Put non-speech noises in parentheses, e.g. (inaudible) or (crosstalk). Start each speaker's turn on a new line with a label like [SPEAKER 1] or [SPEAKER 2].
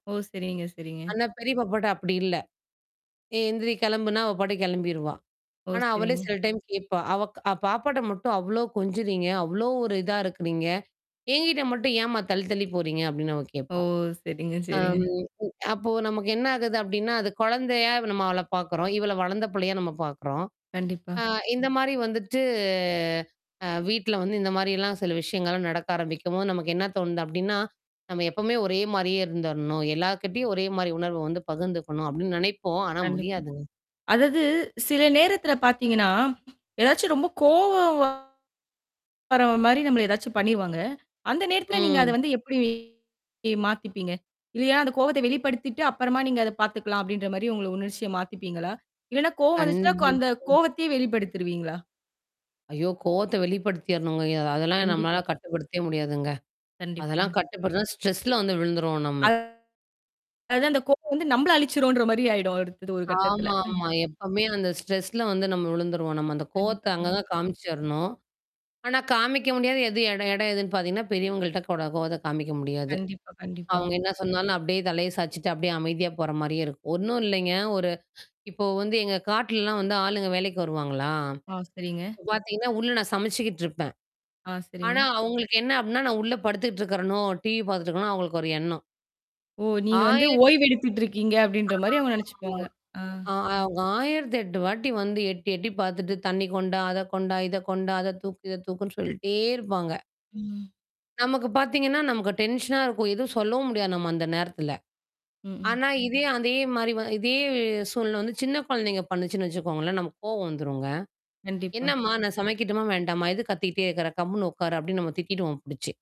[SPEAKER 1] ஓ, செரிங்க, செரிங்க.
[SPEAKER 2] ஆனா, பெரிய பாப்பாட்ட அப்படி இல்ல. ஏய், எந்திரி, கிளம்புன்னா, அவ பாட்டு கிளம்பிருவா.
[SPEAKER 1] ஓ,
[SPEAKER 2] ஆனா, அவளே
[SPEAKER 1] செரிங்க.
[SPEAKER 2] சில டைம் கேட்பா. "அவ க பாப்பாட்ட மட்டும் அவ்ளோ கொஞ்சுறீங்க. அவ்ளோ ஒரு இதா இருக்கிறீங்க. என்கிட்ட மட்டும் ஏம்மா தள்ளி, தள்ளி போறீங்க?" அப்டின்னு அவ
[SPEAKER 1] ஓ!
[SPEAKER 2] கேட்பா.
[SPEAKER 1] செரிங்க,
[SPEAKER 2] ஆ,
[SPEAKER 1] செரிங்க.
[SPEAKER 2] ம். அப்போ நமக்கு என்ன ஆகுது அப்படின்னா, அது குழந்தையா நம்ம அவள பாக்குறோம். இவள வளர்ந்த பிள்ளையா நம்ம பாக்குறோம்.
[SPEAKER 1] கண்டிப்பா.
[SPEAKER 2] ஆ, இந்த மாரி வந்துட்டு. அ, வீட்ல வந்து இந்த மாரிலாம் சில விஷயங்கள்லாம் நடக்க ஆரம்பிக்கும்போது, நமக்கு என்ன தோணுது அப்படின்னா, "நம்ம எப்பவுமே ஒரே மாரியே இருந்துரணும். எல்லார்கிட்டயும் ஒரே மாரி உணர்வ வந்து பகிர்ந்துக்கணும்", அப்படின்னு நெனைப்போம். ஆனா,
[SPEAKER 1] கண்டிப்பா.
[SPEAKER 2] முடியாதுங்க.
[SPEAKER 1] அதாது சில நேரத்தல பாத்தீங்கன்னா, ஏதாச்சும் ரொம்ப கோவம் வர மாரி நம்மள ஏதாச்சும் பண்ணிருவாங்க. அந்த நேரத்தில நீங்க அத
[SPEAKER 2] ம்.
[SPEAKER 1] வந்து எப்படி மாத்திப்பீங்க? இல்லையா, அந்த கோவத்த வெளிப்படுத்திட்டு அப்பறமா நீங்க அத பாத்துக்கலாம் அப்படின்ற மாரி உங்கள உணர்ச்சிய மாத்திப்பீங்களா? இல்லன்னா கோவம் வந்துச்சுா, அந்த
[SPEAKER 2] கண்டிப்பா.
[SPEAKER 1] கோவத்தையே வெளிப்படுத்தருவீங்களா?
[SPEAKER 2] ஐயோ! கோவத்த வெளிப்படுத்திரணுங்க. இது அதெல்லாம்
[SPEAKER 1] கண்டிப்பா.
[SPEAKER 2] நம்மளால கட்டுப்படுத்தவே முடியாதுங்க.
[SPEAKER 1] கண்டிப்பாங்க.
[SPEAKER 2] அதெல்லாம் கட்டுபடுத்தனா ஸ்ட்ரெஸ்ல வந்து விழுந்துருவோம் நம்ம.
[SPEAKER 1] அது அந்த கோவம் வந்து நம்பள அழிச்சுருன்ற மாரி ஆயிடும். அடுத்தது ஒரு கட்டத்துல.
[SPEAKER 2] ஆமா,
[SPEAKER 1] (chuckles)
[SPEAKER 2] ஆமா. எப்பவுமே அந்த ஸ்ட்ரெஸ்ல வந்து நம்ம விழுந்துருவோம். நம்ம அந்த
[SPEAKER 1] கண்டிப்பா,
[SPEAKER 2] கோவத்த அங்க தான்
[SPEAKER 1] கண்டிப்பா.
[SPEAKER 2] காமிச்சரணும். ஆனா, காமிக்க முடியாது, எது எட எடம் எதுன்னு பாத்தீங்கன்னா, பெரியவங்கள்ட்ட கட கோவத்த காமிக்க முடியாது.
[SPEAKER 1] கண்டிப்பா, கண்டிப்பாங்க.
[SPEAKER 2] அவங்க என்ன சொன்னாலும், அப்படியே தலைய சாயச்சுட்டு, அப்படியியே அமைதியா போற மாரியே இருக்கும். ஒண்ணும் இல்லைங்க, ஒரு இப்போ வந்து எங்க காட்டுல எல்லாம் வந்து ஆளுங்க வேலைக்கு வருவாங்களா,
[SPEAKER 1] ஆ, செரிங்க.
[SPEAKER 2] இப்ப பாத்தீங்கன்னா, உள்ள நான் சமைச்சுக்கிட்டு இருப்பேன்.
[SPEAKER 1] ஆ, செரிங்க.
[SPEAKER 2] ஆனா, அவங்களுக்கு என்ன அப்படின்னா, நான் உள்ள படுத்துட்டு இருக்கிறனோ? டிவி பாத்துட்டு இருக்கேன்னு, அவங்களுக்கு ஒரு எண்ணம்.
[SPEAKER 1] ஓ! நீங்க வந்து
[SPEAKER 2] 1008
[SPEAKER 1] ஓய்வு எடுத்துட்டுருக்கீங்க அப்படின்ற மாரி அவங்க நெனச்சுப்பாங்க. ஆ.
[SPEAKER 2] (unintelligible) அ அவங்க 1008 வாட்டி வந்து எட்டி, எட்டி பாத்துட்டு, தண்ணி கொண்டா, அத கொண்டா, இத கொண்டா, அத தூக்கு, இத தூக்குன்னு சொல்லிட்டே இருப்பாங்க.
[SPEAKER 1] ம்.
[SPEAKER 2] நமக்கு பாத்தீங்கன்னா, நமக்கு டென்ஷனா இருக்கும். எதுவும் சொல்லவும் முடியாது, நம்ம அந்த நேரத்துல.
[SPEAKER 1] ம். ம்.
[SPEAKER 2] ஆனா, இதே, அதே மாரி வ இதே சூழ்நில வந்து சின்ன குழந்தைங்க பண்ணுச்சுன்னு வெச்சுக்கோங்களேன். நமக்கு கோவம் வந்துருங்க.
[SPEAKER 1] கண்டிப்பா.
[SPEAKER 2] "என்னம்மா? நான் சமைக்கட்டுமா, வேண்டாமா? எது கத்திக்கிட்டே இருக்கறே. கம்முன்னு உட்காரு!" அப்படினு நம்ம திட்டிடுவோம் புடிச்சு.